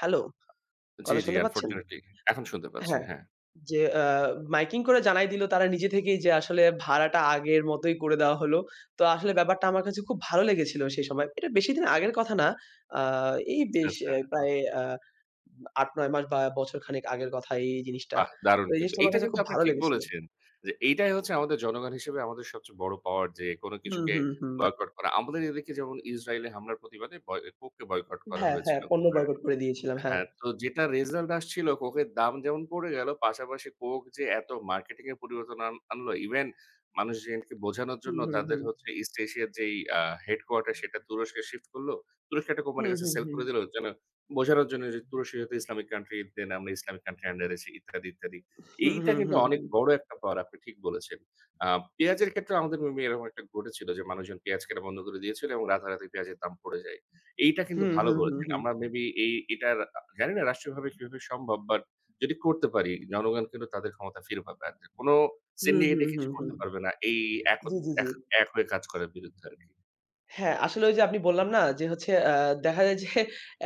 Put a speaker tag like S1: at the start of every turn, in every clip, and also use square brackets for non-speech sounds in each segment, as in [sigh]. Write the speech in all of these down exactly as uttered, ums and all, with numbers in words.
S1: Hello!
S2: জি,
S1: কথা
S2: জি।
S1: শুনতে পাচ্ছেন?
S2: আনফরচুনেটলি, এখন শুনতে পাচ্ছি।
S1: হ্যাঁ,
S2: হ্যাঁ।
S1: যে আ মাইকিং করে জানায় দিলো, তারা নিজে থেকেই যে আসলে ভাড়াটা আগের মতই করে দেয়া হলো। তো আসলে ব্যাপারটা আমার কাছে খুব ভালো লেগেছিল সেই সময়। এটা বেশিদিন আগের কথা না। আ এই
S2: আচ্ছা,
S1: বেশ এ
S2: আচ্ছা।
S1: প্রায় আ আট নয় মাস বা বছরখানেক আগের কথা এই জিনিসটা।
S2: বাহ!
S1: তো
S2: দারুণ
S1: এই
S2: কিন্তু।
S1: জিনিসটা আমার
S2: এইটা
S1: কাছে
S2: কিন্তু
S1: খুব
S2: আপনি
S1: ভালো
S2: ঠিক
S1: লেগেছিল।
S2: বলেছেন। যে এইটাই হচ্ছে আমাদের জনগণ হিসেবে আমাদের সবচেয়ে বড় পাওয়ার, যে কোনো
S1: উহু,
S2: কিছুকে
S1: হু, হুম।
S2: বয়কট করা। আমাদের এদিকে যেমন ইসরাইলে হামলার প্রতিবাদে পয়ে কোককে বয়কট করা
S1: হ্যাঁ, হ্যাঁ।
S2: হয়েছিল।
S1: পণ্য
S2: কোকের
S1: বয়কট করে দিয়েছিলাম। হ্যাঁ।
S2: হ্যাঁ, তো যেটা রেজাল্ট আসছিলো, কোকের দাম যেমন পড়ে গেলো, পাশাপাশি কোক যে এত মার্কেটিং এ পরিবর্তন আন আনল, ইভেন মানুষ যেহেতু বোঝানোর
S1: উম
S2: জন্য
S1: হু,
S2: তাদের
S1: হুম।
S2: হচ্ছে ইস্ট এশিয়ার যেই আ হেডকোয়ার্টার সেটা তুরস্কে শিফট করলো। তুরস্কের একটা কোম্পানির
S1: হুম,
S2: কাছে
S1: হুম,
S2: সেল
S1: হুম।
S2: করে দিলো। যেন বোঝানোর জন্য যে, "তুরস্কে যাতে ইসলামিক কান্ট্রিতে নাম, আমরা ইসলামিক কান্ট্রির আন্ডারে আছি, ইত্যাদি, ইত্যাদি।"
S1: হু,
S2: এইটা
S1: হু,
S2: কিন্তু
S1: হু,
S2: অনেক
S1: হু।
S2: বড় একটা পাওয়ার, আপনি ঠিক বলেছেন। আ পেঁয়াজের ক্ষেত্রেও আমাদের অমনি এরকম একটা ঘটেছিল, যে মানুষজন পেঁয়াজ কেনা বন্ধ করে দিয়েছিল এবং রাতারাতি পেঁয়াজের দাম পড়ে যায়। এইটা
S1: হু,
S2: কিন্তু ভালো
S1: হু, হু,
S2: বলেছেন।
S1: হু।
S2: আমরা মে বি এই এটার আ জানিনা রাষ্ট্রীয়ভাবে কিভাবে সম্ভব? বাট, যদি করতে পারি জনগণ কিন্তু তাদের ক্ষমতা ফিরে পাবে একদম। কোনো
S1: হু, হু,
S2: সিন্ডিকেটই
S1: হু,
S2: কিছু
S1: হু।
S2: করতে পারবে না। এই এক হত
S1: জি, জি,
S2: এক
S1: জি।
S2: এক হয়ে কাজ করার বিরুদ্ধে আরকি।
S1: হ্যাঁ, আসলে ওইযে আমি বললাম না যে হচ্ছে আ দেখা যায় যে,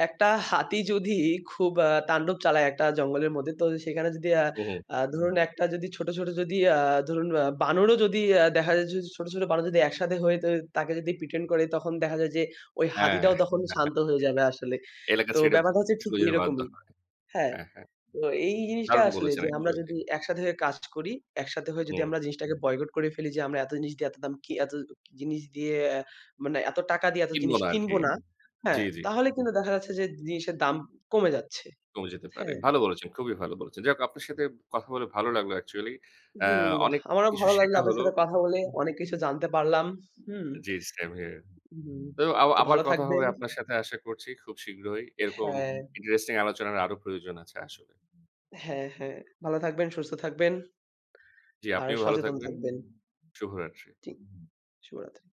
S1: একটা হাতি যদি খুব আ তান্ডব চালায় একটা জঙ্গলের মধ্যে, তো সেখানে যদি আ
S2: উহু।
S1: আ ধরুন একটা যদি ছোট, ছোট যদি আ ধরুন, আ বানরও যদি আ দেখা যায় যে, ছোট, ছোট বানর যদি একসাথে হয়ে তয়ে, তাকে যদি প্রিটেন্ড করে তখন দেখা যায় যে ওই
S2: হ্যাঁ।
S1: হাতিটাও তখন
S2: [chuckles]
S1: শান্ত হয়ে যাবে আসলে।
S2: এলাকা
S1: তো
S2: ছেড়ে,
S1: ব্যাপারটা হচ্ছে ঠিক
S2: চলে যেতে বাধ্য
S1: এরকমই।
S2: হয়।
S1: হ্যাঁ।
S2: হ্যাঁ, হ্যাঁ।
S1: তো এই জিনিসটা
S2: দারুণ
S1: আসলে
S2: বলেছেন,
S1: যে, আমরা
S2: অ্যাকচুয়ালি।
S1: যদি একসাথে হয়ে কাজ করি, একসাথে হয়ে যদি
S2: হুম।
S1: আমরা জিনিসটাকে বয়কট করে ফেলি যে আমরা এত জিনিস দিয়ে এত দাম কি এত জিনিস দিয়ে মানে এত টাকা দিয়ে এত জিনিস
S2: কিনবনা
S1: কিনব
S2: আরকি।
S1: না। হ্যাঁ,
S2: জি, জি।
S1: তাহলে কিন্তু দেখা যাচ্ছে যে জিনিসের দাম কমে যাচ্ছে।
S2: কমে যেতে পারে।
S1: হ্যাঁ।
S2: ভালো বলেছেন, খুবই ভালো বলেছেন। যাহোক আপনার সাথে কথা বলে ভালো লাগলো অ্যাকচুয়ালি, আ
S1: হুম।
S2: অনেক
S1: আমারও
S2: কিছু
S1: ভালো লাগলো
S2: শেখা
S1: আপনার
S2: হল।
S1: সাথে কথা বলে। অনেক কিছু জানতে পারলাম। হুম।
S2: জি, সেম হেয়ার।
S1: উহু,
S2: তো আবা
S1: তো
S2: আবার
S1: ভালো
S2: কথা হবে
S1: থাকবেন।
S2: আপনার সাথে আশা করছি, খুব শীঘ্রই। এরকম
S1: হ্যাঁ।
S2: ইন্টারেস্টিং আলোচনার আরো প্রয়োজন আছে আসলে।
S1: হ্যাঁ, হ্যাঁ। ভালো থাকবেন, সুস্থ থাকবেন।
S2: জি।
S1: আর
S2: আপনিও ভালো
S1: সচেতন
S2: থাকবেন।
S1: থাকবেন।
S2: শুভরাত্রি।
S1: জি, শুভরাত্রি।